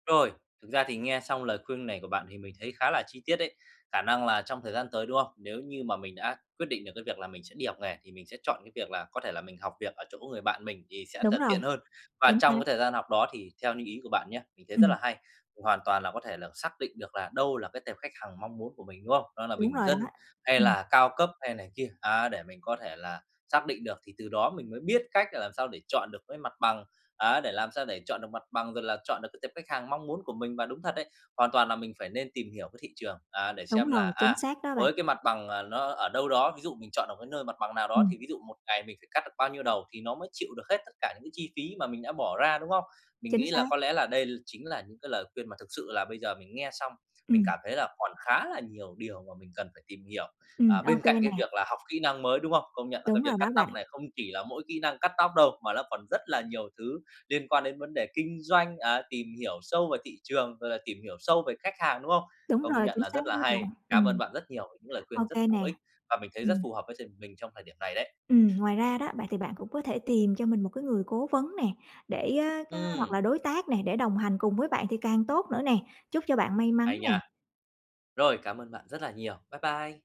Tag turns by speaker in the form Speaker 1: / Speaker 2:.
Speaker 1: Rồi, thực ra thì nghe xong lời khuyên này của bạn thì mình thấy khá là chi tiết đấy, khả năng là trong thời gian tới, đúng không? Nếu như mà mình đã quyết định được cái việc là mình sẽ đi học nghề, thì mình sẽ chọn cái việc là có thể là mình học việc ở chỗ người bạn mình thì sẽ
Speaker 2: Đúng
Speaker 1: thật
Speaker 2: rồi.
Speaker 1: tiện hơn. Và
Speaker 2: Chính xác.
Speaker 1: trong cái thời gian học đó thì theo như ý của bạn nhá, mình thấy rất
Speaker 2: Ừm.
Speaker 1: là hay, hoàn toàn là có thể là xác định được là đâu là cái tệp khách hàng mong muốn của mình, đúng không? Đó là
Speaker 2: Đúng
Speaker 1: bình
Speaker 2: rồi đó,
Speaker 1: dân, hay
Speaker 2: ừm.
Speaker 1: là cao cấp, hay này kia, à, để mình có có thể là xác định được thì từ đó mình mới biết cách là làm sao để chọn được cái mặt bằng, ấy, để làm sao để chọn được mặt bằng, rồi là chọn được cái tệp khách hàng mong muốn của mình. Và đúng thật đấy, hoàn toàn là mình phải nên tìm hiểu cái thị trường á, để
Speaker 2: Đúng
Speaker 1: xem
Speaker 2: rồi,
Speaker 1: là,
Speaker 2: chính
Speaker 1: à,
Speaker 2: xác đó bạn!
Speaker 1: với cái mặt bằng, ờ, nó ở đâu đó ví dụ mình chọn ở cái nơi mặt bằng nào đó,
Speaker 2: Ừm.
Speaker 1: thì ví dụ một ngày mình phải cắt được bao nhiêu đầu thì nó mới chịu được hết tất cả những cái chi phí mà mình đã bỏ ra, đúng không? Mình
Speaker 2: Chính
Speaker 1: nghĩ là
Speaker 2: xác!
Speaker 1: có lẽ là đây chính là những cái lời khuyên mà thực sự là bây giờ mình nghe xong, mình
Speaker 2: Ừm.
Speaker 1: cảm thấy là còn khá là nhiều điều mà mình cần phải tìm hiểu, à,
Speaker 2: Ừm, ô
Speaker 1: bên cạnh
Speaker 2: kê
Speaker 1: cái
Speaker 2: nè.
Speaker 1: việc là học kỹ năng mới, đúng hông? Công nhận là cái
Speaker 2: Đúng rồi
Speaker 1: việc cắt
Speaker 2: đó
Speaker 1: tóc
Speaker 2: bạn.
Speaker 1: này không chỉ là mỗi kỹ năng cắt tóc đâu, mà nó còn rất là nhiều thứ liên quan đến vấn đề kinh doanh, à, tìm hiểu sâu về thị trường, rồi là tìm hiểu sâu về khách hàng, đúng không?
Speaker 2: Đúng
Speaker 1: Công
Speaker 2: rồi,
Speaker 1: nhận
Speaker 2: chính
Speaker 1: là
Speaker 2: xác
Speaker 1: rất là
Speaker 2: đó
Speaker 1: hay.
Speaker 2: bạn,
Speaker 1: Cảm ơn
Speaker 2: ừm.
Speaker 1: bạn rất nhiều những lời
Speaker 2: Ô
Speaker 1: khuyên rất
Speaker 2: kê
Speaker 1: bổ
Speaker 2: nè,
Speaker 1: ích và mình thấy rất
Speaker 2: ừm.
Speaker 1: phù hợp với s mình trong thời điểm này đấy.
Speaker 2: Ừm, ngoài ra đó, vậy thì bạn cũng có thể tìm cho mình một cái người cố vấn nè, để, ơ, ơ hoặc
Speaker 1: Ừm.
Speaker 2: là đối tác nè, để đồng hành cùng với bạn thì càng tốt nữa nè, chúc cho bạn may mắn
Speaker 1: Hay nha!
Speaker 2: nè!
Speaker 1: Rồi, cảm ơn bạn rất là nhiều. Bye bye.